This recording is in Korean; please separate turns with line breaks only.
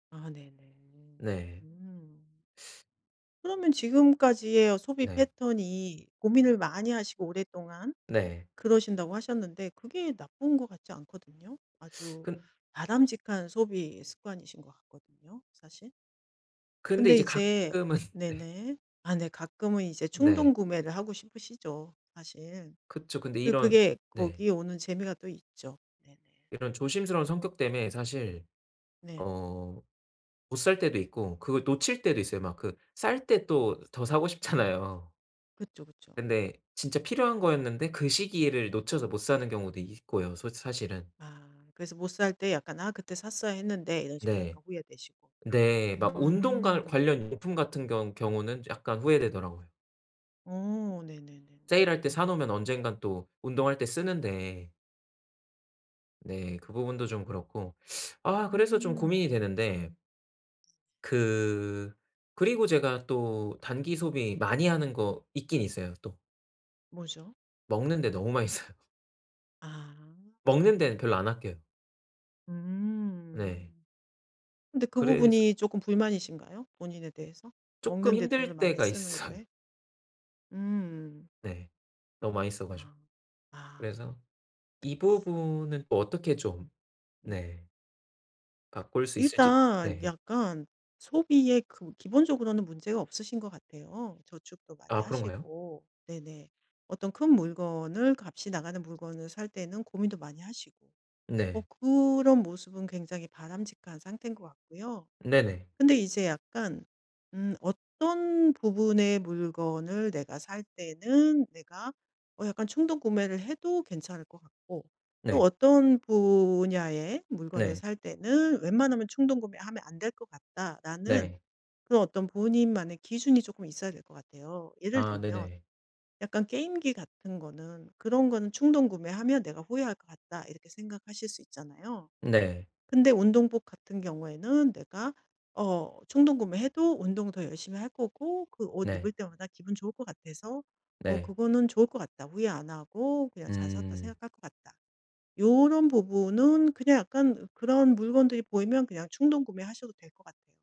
아 네네. 음.
네.
음. 그러면 지금까지의 어 소비
네.
패턴이 고민을 많이 하시고 오랫동안
네.
그러신다고 하셨는데 그게 나쁜 것 같지 않거든요. 아주
근
바람직한 소비 습관이신 거 같거든요 사실.
근데
근데
이제
이제
가끔은 네.
네네. 아 네 가끔은 이제 충동
네.
구매를 하고 싶으시죠 사실.
그쵸. 근데
그
이런
그게
네.
거기에 오는 재미가 또 있죠. 네네.
이런 조심스러운 성격 때문에 사실
네.
어 못 살 때도 있고 그걸 놓칠 때도 있어요. 막 그 쌀 때 또 더 사고 싶잖아요.
그쵸, 그쵸.
근데 진짜 필요한 거였는데 그 시기를 놓쳐서 못 사는 경우도 있고요 솔 사실은.
아. 그래서 못 살 때 약간 '아 그때 샀어야 했는데.' 이런 식으로
네.
약간 후회되시고.
네. 막 운동 관
음.
관련 용품같은 경 경우는 약간 후회되더라고요.
어 네네네.
세일할 때 사 놓으면
음.
언젠간 또 운동할 때 쓰는데. 네. 그 부분도 좀 그렇고. 아 그래서 좀 고민이
음.
되는데 그 그리고 제가 또 단기 소비 많이 하는 거 있긴 있어요 또.
뭐죠?
먹는 데 너무 많이 써요.
아.
먹는 데는
음.
별로 안 아껴요. 네.
음. 근데 그
그래서
부분이 쪼끔 불만이신가요? 본인에 대해서?
쪼끔
먹는 데 돈을
힘들
많이
때가
쓰는
있어요.
거에? 음.
네. 너무 많이 써 가지고.
아. 아.
그래서 이 부분은 또 어떻게 좀
음.
네. 바꿀 수 있을지.
일단
네.
약간 소비의 그 기본적으로는 문제가 없으신 거 같아요. 저축도 많이
아 그런가요?
하시고 네네. 어떤 큰 물건을 값이 나가는 물건을 살 때는 고민도 많이 하시고. 어
네.
그런 모습은 굉장히 바람직한 상태인 것 같고요.
네네.
근데 이제 약간 음 어떤 부분의 물건을 내가 살 때는 내가 어 약간 충동 구매를 해도 괜찮을 것 같고 또
네.
어떤 분야의 물건을
네.
살 때는 '웬만하면 충동 구매하면 안 될 것 같다.'라는
네.
그런 어떤 본인만의 기준이 쪼끔 있어야 될 것 같아요. 예를
아
들면
네네.
약간 게임기 같은 거는 그런 거는 '충동 구매하면 내가 후회할 것 같다.' 이렇게 생각하실 수 있잖아요.
네.
근데 운동복 같은 경우에는 내가 어 충동구매해도 운동 더 열심히 할 거고 그 옷 입을
네.
때마다 기분 좋을 거 같아서 어
네.
'그거는 좋을 것 같다. 후회 안 하고 그냥 잘 샀다
음.
생각할 것 같다.' 요런 부분은 그냥 약간 그런 물건들이 보이면 그냥 충동구매하셔도 될 것 같아요.